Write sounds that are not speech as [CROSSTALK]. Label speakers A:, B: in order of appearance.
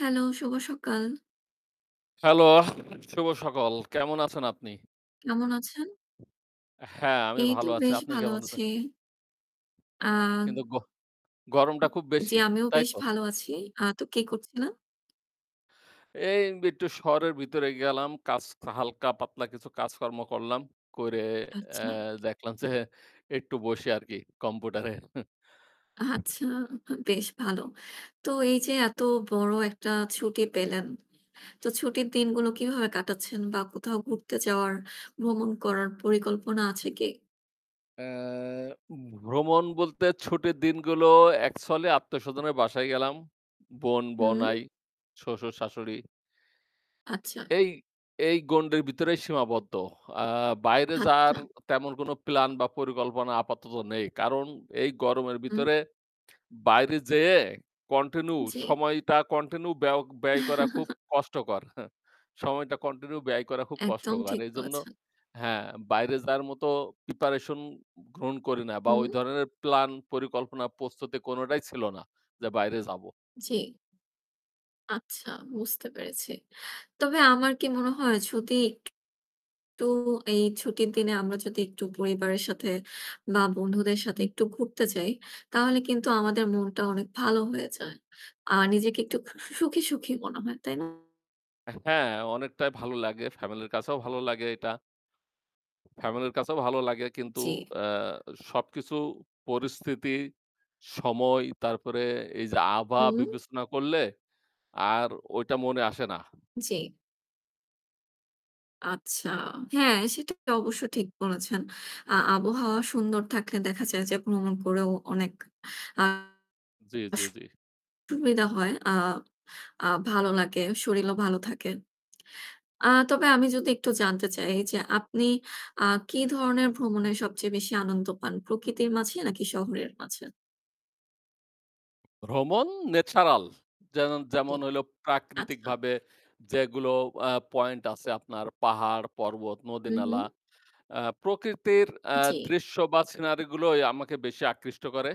A: Hello, শুভ সকাল।
B: Hello, শুভ সকল। কেমন আছেন আপনি?
A: কেমন আছেন?
B: হ্যাঁ, আমি
A: এই তো
B: ভালো আছি।
A: বেশ
B: আপনি
A: ভালো
B: কেমন আছেন?
A: আছি। আ
B: কিন্তু গহ গরমটা খুব
A: জি
B: বেশি,
A: আমিও
B: তাই
A: বেশ
B: তো?
A: ভালো আছি। আ তো কে করছিলেন?
B: এই একটু শহরের ভিতরে গেলাম। কাজ, হালকা-পাতলা কিছু কাজকর্ম করলাম। করে, এ্যা
A: আচ্ছা।
B: দেখলাম যে একটু বসে আর কি কম্পিউটারে।
A: আচ্ছা হা বেশ ভালো। তো এই যে এত বড় একটা ছুটি পেলেন, তো ছুটির দিনগুলো কিভাবে কাটাচ্ছেন বা কোথাও ঘুরতে যাওয়ার, ভ্রমণ করার পরিকল্পনা আছে কি?
B: এ্যা ভ্রমণ বলতে ছুটির দিনগুলো এক ছলে আত্মীয়স্বজনের বাসায় গেলাম। বোন,
A: হুম?
B: বওনাই, শ্বশুর-শাশুড়ি
A: আচ্ছা।
B: এই এই গন্ডির ভিতরে সীমাবদ্ধ। আ বাইরে যাওয়ার
A: আচ্ছা।
B: তেমন কোন plan বা পরিকল্পনা আপাতত নেই। কারণ এই গরমের
A: উম
B: ভিতরে বাইরে যেয়ে continue
A: জি।
B: সময়টা continue ব্যও ব্যয় করা খুব
A: [CHUCKLES]
B: কষ্টকর [SCOFFS] সময়টা continue ব্যয় করা খুব
A: একদম
B: কষ্টকর।
A: ঠিক
B: এজন্য
A: বলেছেন।
B: হ্যাঁ, বাইরে যাওয়ার মতো preparation গ্রহণ করি না বা ওই
A: হুম?
B: ধরনের plan, পরিকল্পনা, প্রস্তুতি কোনটাই ছিল না যে বাইরে যাব।
A: জি। আচ্ছা, বুঝতে পেরেছি। তবে আমার কি মনে হয় যদি একটু এই ছুটির দিনে আমরা যদি একটু পরিবারের সাথে মা বন্ধুদের সাথে একটু ঘুরতে যাই। তাহলে কিন্তু আমাদের মনটা অনেক ভালো হয়ে যায়। আর নিজেকে একটু সু সুখী, সুখী মনে হয়, তাই না?
B: এ্যা হ্যাঁ, অনেকটাই ভালো লাগে। family-র কাছেও ভালো লাগে এটা। family-র কাছেও ভালো লাগে কিন্তু,
A: জি।
B: এ্যা সবকিছু পরিস্থিতি, সময় তারপরে এই যে আভা
A: হুম?
B: বিবেচনা করলে আর ওইটা মনে আসে না।
A: জি। আচ্ছা, হ্যাঁ, সেটা তো অবশ্যই ঠিক বলেছেন। আ আবহাওয়া সুন্দর থাকলে দেখা যায় যে ভ্রমণ করেও অনেক, আ
B: জি, জি,
A: সু
B: জি।
A: সুবিধা হয়, আ আ ভালো লাগে, শরীরও ভালো থাকে। আ তবে আমি যদি একটু জানতে চাই যে আপনি, আ কি ধরনের ভ্রমণে সবচেয়ে বেশি আনন্দ পান, প্রকৃতির মাঝে নাকি শহরের মাঝে?
B: ভ্রমণ natural। যেনন
A: জি,
B: যেমন হইলো প্রাকৃতিক
A: আচ্ছা।
B: ভাবে যেগুলো, আ point আছে আপনার পাহাড়, পর্বত, নদী
A: হুম, হুম।
B: নালা। আ প্রকৃতির, আ
A: জি।
B: দৃশ্য বা সিনারি গুলোই আমাকে বেশি আকৃষ্ট করে।